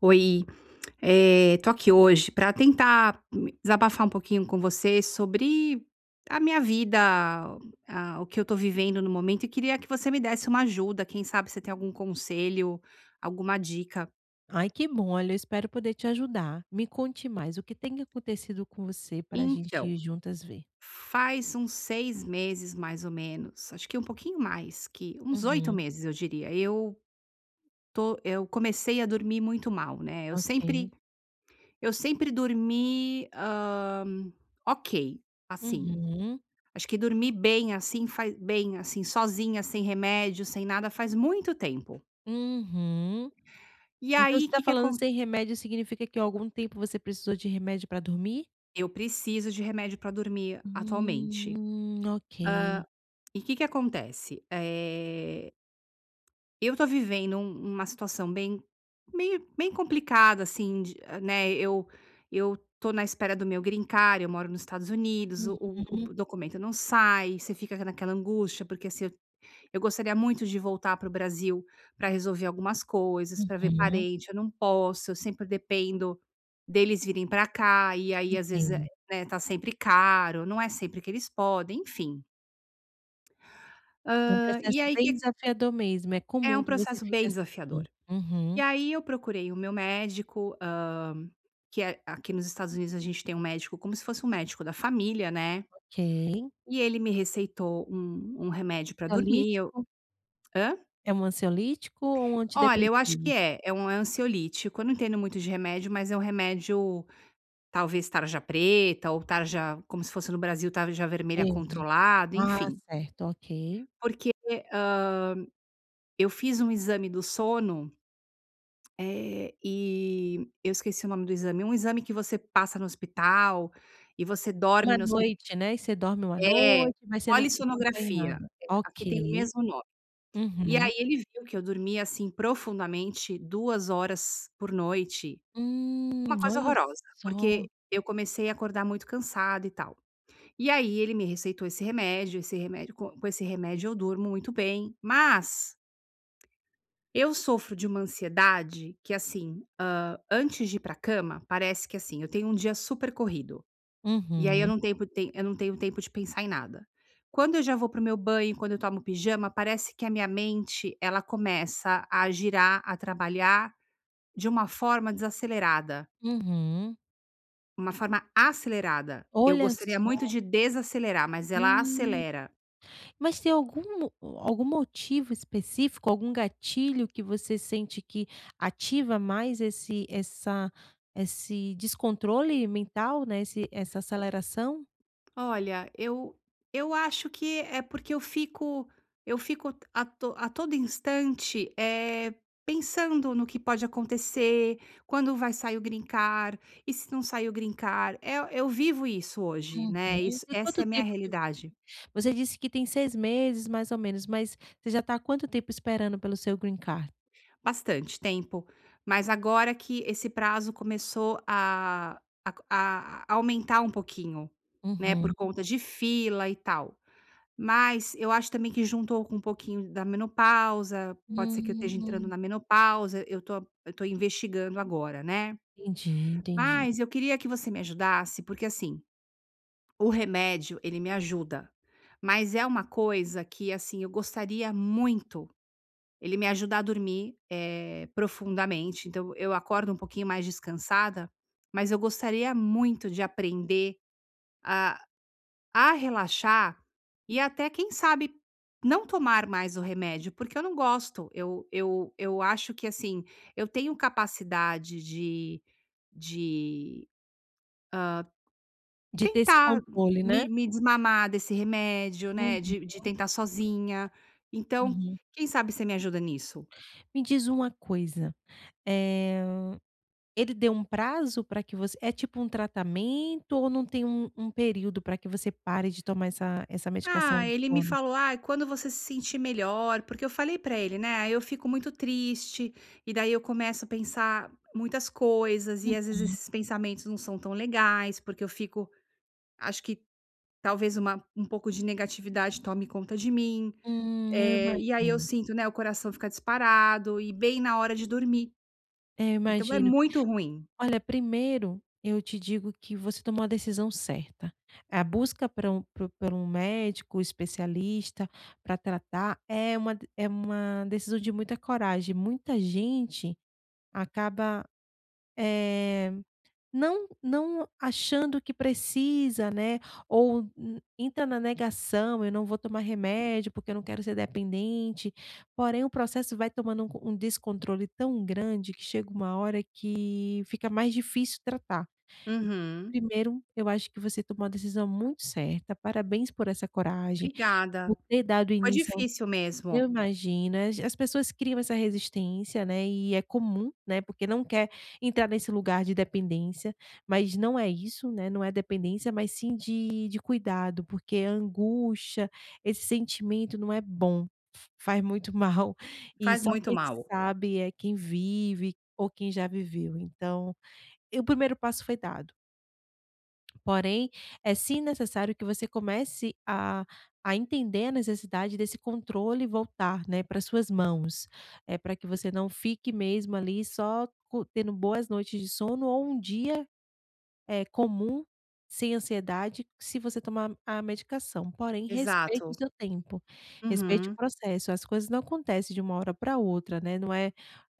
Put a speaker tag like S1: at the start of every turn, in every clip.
S1: Oi, eh, estou aqui hoje para tentar desabafar um pouquinho com você sobre a minha vida, ah, o que eu estou vivendo no momento e queria que você me desse uma ajuda. Quem sabe se tem algum conselho, alguma dica.
S2: Ai, que bom, olha, eu espero poder te ajudar. Me conte mais o que tem acontecido com você para a gente
S1: Então,
S2: ir juntas ver.
S1: faz uns 6 meses mais ou menos, acho que um pouquinho mais que uns 8
S2: Uhum.
S1: meses, eu diria, eu estou eu comecei a dormir muito mal, né, eu
S2: Ok.
S1: sempre eu sempre dormi, hã, ok, assim,
S2: Uhum.
S1: acho que dormir bem assim, fa bem, assim, sozinha, sem remédio, sem nada, faz muito tempo
S2: Uhum.
S1: e
S2: Então, você
S1: aí
S2: está
S1: que que
S2: falando
S1: acon
S2: "sem remédio", significa que há algum tempo você precisou de remédio para dormir?
S1: Eu preciso de remédio pra dormir
S2: Hum,
S1: atualmente,
S2: hum. Ok.
S1: hã, e que que acontece, eh eu estou vivendo um uma situação bem meio bem complicada, assim, de, né, eu eu estou na espera do meu greencard, eu moro no Estados Unidos, o o
S2: Uhum.
S1: o documento não sai, você fica ca naquela angústia, porque, assim, eu gostaria muito de voltar para o Brasil pra resolver algumas coisas, pra ver
S2: Uhum.
S1: parente, eu não posso. Eu sempre dependo deles virem para cá e aí às vezes é,
S2: Entendo.
S1: né, tá sempre caro, não é sempre que eles podem, enfim
S2: É um
S1: hã, e
S2: processo
S1: aí
S2: bem
S1: que
S2: desafiador mesmo, é
S1: É
S2: comum
S1: um
S2: que você
S1: processo
S2: fique
S1: bem
S2: assim.
S1: desafiador. E
S2: Uhum.
S1: aí eu procurei o meu médico, hã, que é aqui nos Estados Unidos a gente tem um médico como se fosse um médico da família, né?
S2: Ok.
S1: E ele me receitou um um remédio para dormir e eu
S2: Ansiolítico
S1: Hã?
S2: É um ansiolítico ou um
S1: Olha, eu acho que
S2: antidepressivo?
S1: é, é um, eh, ansiolítico. Eu não entendo muito de remédio, mas é um remédio, talvez tarja preta ou tarja como se fosse no Brasil, tarja vermelha
S2: Verde?
S1: controlado,
S2: Ah,
S1: enfim.
S2: certo, ok.
S1: Porque, hã, eu fiz um exame do sono, eh, e eu esqueci o nome do exame, um exame que você passa no hospital e você dorme
S2: Uma
S1: no hospi
S2: noite, né? E aí você dorme uma
S1: É!
S2: noite, mas você não [unintelligible]
S1: Polissonografia,
S2: acompanhada.
S1: é, aqui tem o
S2: Ok.
S1: mesmo nome. E
S2: Uhum.
S1: aí ele viu que eu dormia, assim, profundamente, 2 horas por noite. Uma
S2: Hum,
S1: coisa
S2: olha
S1: horrorosa.
S2: só.
S1: Porque eu comecei a acordar muito cansada e tal, e aí ele me receitou esse remédio, esse remédio co com esse remédio eu durmo muito bem, mas, eu sofro de uma ansiedade que, assim, hã, antes de ir para a cama, parece que, assim, eu tenho um dia super corrido e aí eu
S2: Uhum.
S1: não tempo tem eu não tenho tempo de pensar em nada. Quando eu já vou para o meu banho, quando eu tomo pijama, parece que a minha mente, ela começa a girar, a trabalhar, de uma forma desacelerada.
S2: Uhum.
S1: Uma forma acelerada. Eu
S2: Olha
S1: gostaria muito
S2: só.
S1: de desacelerar, mas ela
S2: Hum.
S1: acelera.
S2: Mas tem algum algum motivo específico, algum gatilho que você sente que ativa mais esse essa esse descontrole mental, né? Esse essa aceleração?
S1: Olha, eu eu acho que é porque eu fico eu fico a to a todo instante, eh, pensando no que pode acontecer, "quando vai sair o green card e se não sair o green card" é eu vivo isso hoje, né?
S2: Uhum,
S1: Isso
S2: e
S1: essa é
S2: quanto
S1: a minha
S2: tempo que
S1: realidade.
S2: Você disse que tem 6 meses mais ou menos, mas você já está quanto tempo esperando pelo seu green card?
S1: Bastante tempo, mas agora que esse prazo começou a a a aumentar um pouquinho, né. Por
S2: Uhum.
S1: conta de fila e tal. Mas eu acho também que juntou com um pouquinho da menopausa. Pode ser que eu esteja entrando
S2: Hum.
S1: na menopausa. Eu estou eu estou investigando agora, né.
S2: Entendi, entendi.
S1: Mas eu queria que você me ajudasse, porque assim, o remédio, ele me ajuda, mas é uma coisa que, assim, eu gostaria muito Ele me ajudar a dormir, eh, profundamente. Então eu acordo um pouquinho mais descansada, mas eu gostaria muito de aprender a a relaxar e até quem sabe não tomar mais o remédio, porque eu não gosto. Eu eu eu acho que, assim, eu tenho capacidade de de, ah,
S2: De ter esse
S1: tentar
S2: controle, né?
S1: me me desmamar desse remédio, né?
S2: Uhum.
S1: De de tentar sozinha. Então,
S2: Uhum.
S1: quem sabe você me ajuda nisso?
S2: Me diz uma coisa, eh, ele deu um prazo para que você é tipo um tratamento ou não tem um um período para que você pare de tomar essa essa medicação
S1: Ah,
S2: do
S1: ele me
S2: sono?
S1: falou: "Ah, quando você se sentir melhor" porque eu falei para ele, né. Aí eu fico muito triste, e daí eu começo a pensar muitas coisas e às vezes
S2: Uhum.
S1: esses pensamentos não são tão legais, porque eu fico Acho que talvez uma um pouco de negatividade, tome conta de mim,
S2: Hum, eu
S1: eh, e aí eu
S2: imagino.
S1: sinto, né, o coração fica disparado e bem na hora de dormir.
S2: É, eu
S1: Então é
S2: imagino.
S1: muito ruim.
S2: Olha, primeiro eu te digo que você tomou a decisão certa. A busca para um para para um médico especialista para tratar é uma de é uma decisão de muita coragem, muita gente acaba, eh, não não achando que precisa, né. Ou entra na negação. Eu não vou tomar remédio, porque eu não quero ser dependente. Porém, o processo vai tomando um co um descontrole tão grande que chega uma hora que fica mais difícil tratar e
S1: Uhum.
S2: primeiro eu acho que você tomou uma decisão muito certa. Parabéns por essa coragem
S1: Obrigada,
S2: por ter dado
S1: foi
S2: início ao
S1: difícil
S2: Eu
S1: mesmo.
S2: imagino as pessoas criam essa resistência, né. E é comum, né, porque não quer entrar nesse lugar de dependência. Mas não é isso, né. Não é dependência, mas sim de de cuidado, porque angústia, esse sentimento não é bom, f faz muito mal, e
S1: Faz
S2: só
S1: muito
S2: quem
S1: mal.
S2: sabe é quem vive ou quem já viveu. Então e o primeiro passo foi dado. Porém, é sim necessário que você comece a a entender a necessidade desse controle voltar, né, para as suas mãos, eh, para que você não fique mesmo ali, só co tendo boas noites de sono ou um dia, eh, comum sem ansiedade se você tomar a a medicação. Porém, respeite o
S1: Exato.
S2: seu tempo, respeite o
S1: Uhum.
S2: processo. As coisas não acontecem de uma hora para outra, né? Não é,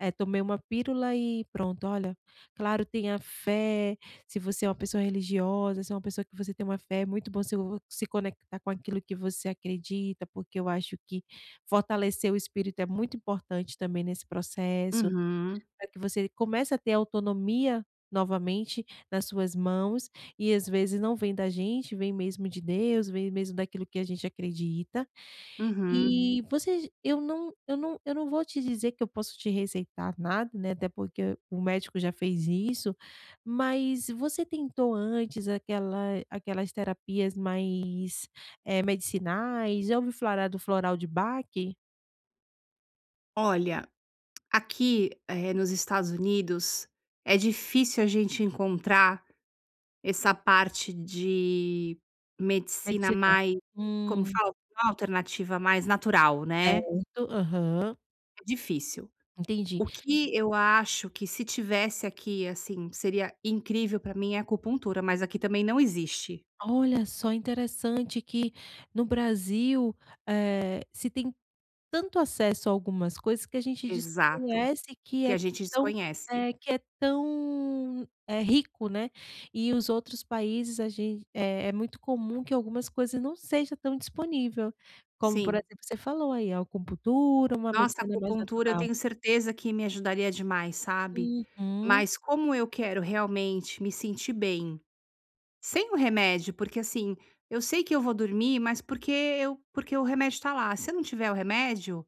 S2: eh, tomei uma pílula e pronto. Olha, claro, tenha fé, se você é uma pessoa religiosa, se é uma pessoa que você tem uma fé, é muito bom se o se conectar com aquilo que você acredita, porque eu acho que fortalecer o espírito é muito importante também nesse processo
S1: Uhum.
S2: para que você comece a ter autonomia novamente nas suas mãos, e, às vezes, não vem da gente, vem mesmo de Deus, vem mesmo daquilo que a gente acredita.
S1: Uhum.
S2: E, você j eu não eu não eu não vou te dizer que eu posso te receitar nada, né, até porque o médico já fez isso. Mas, você tentou antes aquela aquelas terapias mais, eh, medicinais? Já ouviu falar do floral de Bach?
S1: Olha, aqui, eh, nos Estados Unidos, é difícil a gente encontrar essa parte de medicina
S2: Medicina,
S1: mais como
S2: hum.
S1: fala [unintelligible] alternativa, mais natural, né.
S2: Certo, aham.
S1: É difícil.
S2: Entendi.
S1: O que eu acho que, se tivesse aqui assim, seria incrível para mim, é acupuntura, mas aqui também não existe.
S2: Olha só, interessante que no Brasil, eh, se tem tanto acesso a algumas coisas que a gente
S1: Exato,
S2: desconhece, que
S1: que
S2: é
S1: a gente
S2: tão
S1: desconhece.
S2: é, que é tão é rico, né. E, os outros países, a gen é é muito comum que algumas coisas não seja tão disponível, como, por
S1: Sim.
S2: exemplo, você falou aí, a acupuntura, uma
S1: Nossa,
S2: medicina mais
S1: acupuntura, eu
S2: natural.
S1: tenho certeza que me ajudaria demais, sabe.
S2: Uhum.
S1: Mas, como eu quero realmente me sentir bem, sem o remédio, porque, assim, eu sei que eu vou dormir, mas porque eu porque o remédio está lá, se eu não tiver o remédio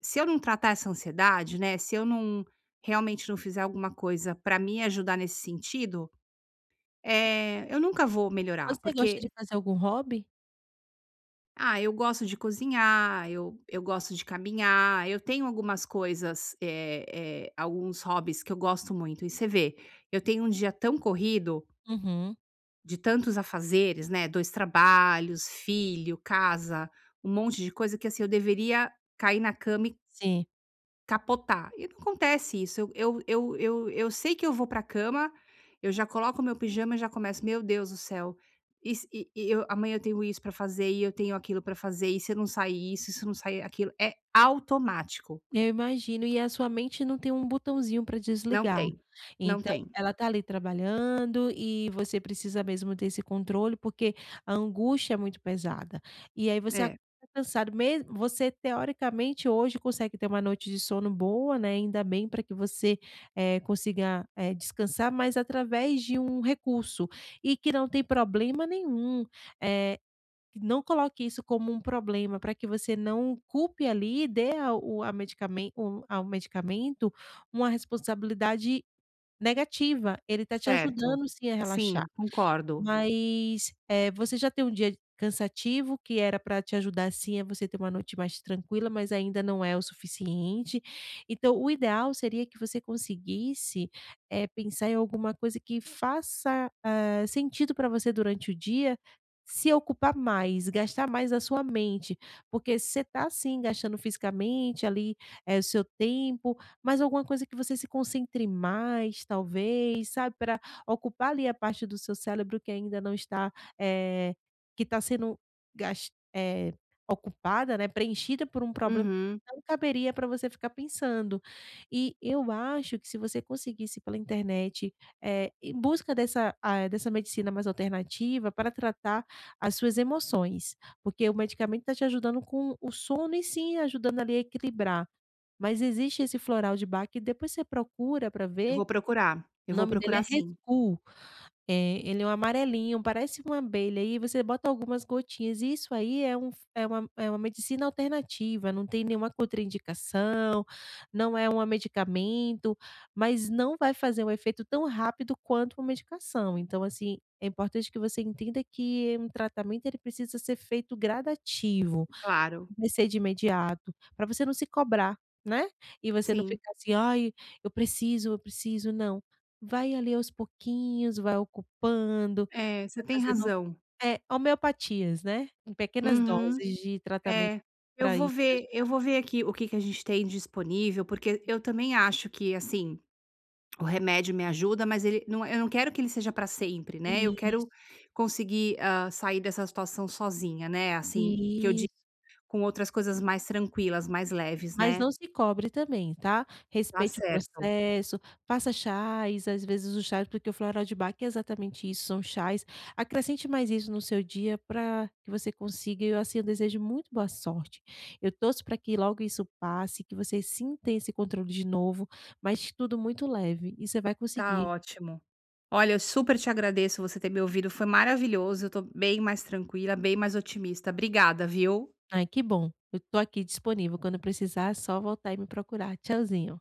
S1: Se eu não tratar essa ansiedade, né. Se eu não realmente não fizer alguma coisa pra me ajudar nesse sentido, eh, eu nunca vou melhorar,
S2: Você gosta
S1: porque
S2: de fazer algum hobby?
S1: Ah, eu gosto de cozinhar, eu eu gosto de caminhar, eu tenho algumas coisas, eh eh, alguns hobbies que eu gosto muito. E você vê, eu tenho um dia tão corrido
S2: Uhum.
S1: De tantos afazeres, né? 2 trabalhos, filho, casa, um monte de coisa que assim eu deveria cair na cama e
S2: Sim.
S1: capotar e não acontece isso. Eu eu eu eu eu sei que eu vou para a cama, eu já coloco o meu pijama e já começo "Meu Deus do céu, e e e eu amanhã eu tenho isso pra fazer e eu tenho aquilo pra fazer. E se eu não sair isso, se eu não sair aquilo", é automático.
S2: Eu imagino e a sua mente não tem um botãozinho para
S1: Não
S2: desligar.
S1: tem, não
S2: Então
S1: tem.
S2: ela está ali trabalhando e você precisa mesmo ter esse controle, porque a angústia é muito pesada, e aí você
S1: É.
S2: cansado mesmo. Você teoricamente hoje consegue ter uma noite de sono boa, né. Ainda bem para que você é consiga é descansar, mas através de um recurso e que não tem problema nenhum. Eh, que não coloque isso como um problema para que você não culpe ali e dê a o a medicamen o ao medicamento uma responsabilidade negativa. Ele está te
S1: Certo,
S2: ajudando sim a relaxar,
S1: sim, concordo.
S2: mas, eh, você já tem um dia cansativo que era para te ajudar sim, é você ter uma noite mais tranquila, mas ainda não é o suficiente. Então o ideal seria que você conseguisse é pensar em alguma coisa que faça, hã, sentido pra você durante o dia, se ocupar mais gastar mais a sua mente, porque você tá assim, gastando fisicamente ali é o seu tempo, mas alguma coisa que você se concentre mais, talvez sabe pra ocupar ali a parte do seu cérebro, que ainda não está, eh, que tá sendo gas eh, ocupada, né. Preenchida por um problema,
S1: Uhum.
S2: não caberia para você ficar pensando e eu acho que se você conseguisse pela internet, eh, em busca dessa, ah, dessa, hã medicina mais alternativa para tratar as suas emoções, porque o medicamento está te ajudando com o sono e sim ajudando ali a equilibrar. Mas existe esse floral de Bach e depois você procura para
S1: Eu
S2: ver.
S1: vou procurar, eu
S2: O
S1: vou
S2: nome dele
S1: procurar
S2: é
S1: sim.
S2: Rescue, eh, ele é um amarelinho, parece uma abelha, aí você bota algumas gotinhas e isso aí é um é uma é uma medicina alternativa, não tem nenhuma contraindicação não é um medicamento, mas não vai fazer um efeito tão rápido quanto uma medicação. Então, assim é importante que você entenda que um tratamento ele precisa ser feito gradativo.
S1: Claro.
S2: Comecei de imediato para você não se cobrar, né. E você não
S1: Sim.
S2: ficar assim "Ai, eu preciso, eu preciso," não, vai ali aos pouquinhos, vai ocupando
S1: É, você
S2: vai
S1: tem
S2: fazendo
S1: razão.
S2: é homeopatias, né. Em pequenas
S1: Uhum,
S2: doses de tratamento
S1: é, eu
S2: para
S1: vou
S2: isso te
S1: ver eu
S2: ajudar.
S1: vou ver aqui o que que a gente tem disponível, porque eu também acho que assim o remédio me ajuda, mas ele não Eu não quero que ele seja pra sempre, né. Eu
S2: Isso.
S1: quero conseguir, ah, sair dessa situação sozinha, né. Assim que eu di
S2: Isso.
S1: com outras coisas mais tranquilas, mais leves,
S2: Mas
S1: né?
S2: não se cobre também tá?
S1: Tá
S2: Respeite o
S1: certo.
S2: processo, faça chás, às vezes os chás, porque o floral de Bach é exatamente isso. São chás, acrescente mais isso no seu dia pra que você consiga E eu assim, eu desejo muito boa sorte. Eu torço para que logo isso passe, que você sinta esse controle de novo, mas tudo muito leve e você vai
S1: Tá
S2: conseguir.
S1: ótimo. Olha, eu super te agradeço você ter me ouvido. Foi maravilhoso. Eu estou bem mais tranquila, bem mais otimista. Obrigada, viu.
S2: Ai, que bom, eu estou aqui disponível quando precisar, só voltar e me procurar, tchauzinho.